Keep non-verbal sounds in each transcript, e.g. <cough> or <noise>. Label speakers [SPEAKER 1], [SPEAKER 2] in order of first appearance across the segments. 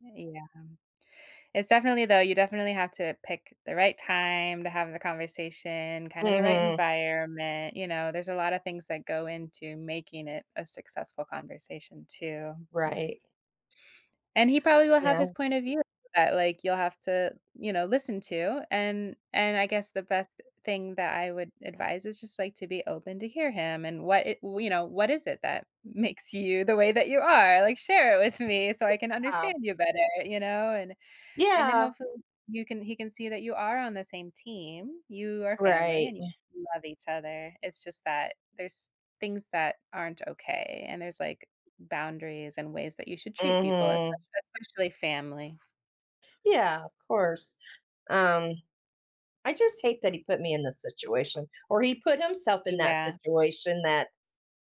[SPEAKER 1] Yeah. It's definitely though you definitely have to pick the right time to have the conversation, kind of the right
[SPEAKER 2] Mhm.
[SPEAKER 1] environment, you know? There's a lotta things that go into making it a successful conversation too, hmm.
[SPEAKER 2] Right.
[SPEAKER 1] And he probably will have
[SPEAKER 2] Yeah.
[SPEAKER 1] his point of view that like, you'll have to, you know, listen to, and and I guess the best thing that I would advise is just, like, to be open to hear him and what it you know, what is it that makes you the way that you are? Like, share it with me so I can
[SPEAKER 2] Yeah.
[SPEAKER 1] understand you better, you know? And and then,
[SPEAKER 2] Yeah.
[SPEAKER 1] hopefully, you can he can see that you are on the same team, you are family,
[SPEAKER 2] Right,
[SPEAKER 1] and y
[SPEAKER 2] ye
[SPEAKER 1] you love each other, it's just that there's things that aren't okay, and there's, like, boundaries and ways that you should treat people, esp
[SPEAKER 2] Mhm.
[SPEAKER 1] especially family.
[SPEAKER 2] Yeah, of course. Um I just hate that he put me in this situation, or he put himself in that
[SPEAKER 1] Yeah.
[SPEAKER 2] situation that,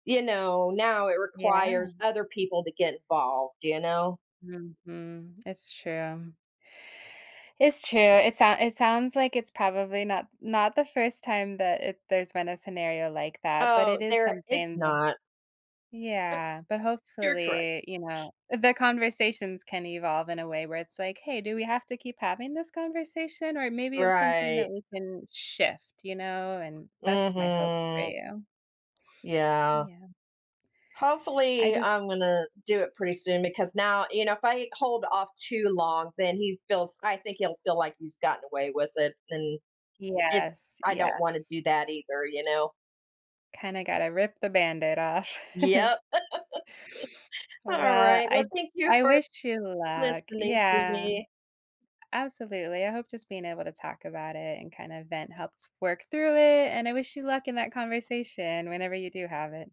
[SPEAKER 2] you know now it
[SPEAKER 1] Yeah.
[SPEAKER 2] requires other people to get involved, d you know?
[SPEAKER 1] Mhm, it's true. It's true, it sound it sounds like it's probably not not the first time that it there's been a scenario like that, but
[SPEAKER 2] Oh,
[SPEAKER 1] it is
[SPEAKER 2] there it's
[SPEAKER 1] something to
[SPEAKER 2] not.
[SPEAKER 1] yeah, but
[SPEAKER 2] <laughs> You're correct.
[SPEAKER 1] hopefully, you know the conversations can evolve in a way where it's, like, "Hey, do we have to keep having this conversation? Or maybe it's something that
[SPEAKER 2] Right.
[SPEAKER 1] we can shift." You know? And that's my hope for
[SPEAKER 2] Mhm.
[SPEAKER 1] you.
[SPEAKER 2] Yeah.
[SPEAKER 1] Yeah. I
[SPEAKER 2] Hopefully,
[SPEAKER 1] just
[SPEAKER 2] I'm gonna, do it pretty soon because now you know, if I hold off too long, then he feels I think he'll feel like he's gotten away with it, and it
[SPEAKER 1] Yes.
[SPEAKER 2] I don't wanna
[SPEAKER 1] Yes.
[SPEAKER 2] do that either, you know?
[SPEAKER 1] Kinda gotta rip the band aid off. <chuckles>
[SPEAKER 2] Yep. <laughs> All
[SPEAKER 1] Well,
[SPEAKER 2] right well
[SPEAKER 1] I
[SPEAKER 2] thank you
[SPEAKER 1] I
[SPEAKER 2] for
[SPEAKER 1] wish you luck.
[SPEAKER 2] listening to
[SPEAKER 1] Yeah.
[SPEAKER 2] me.
[SPEAKER 1] Absolutely, I hope just being able to talk about it and kinda vent helps work through it, and I wish you luck in that conversation whenever you do have it.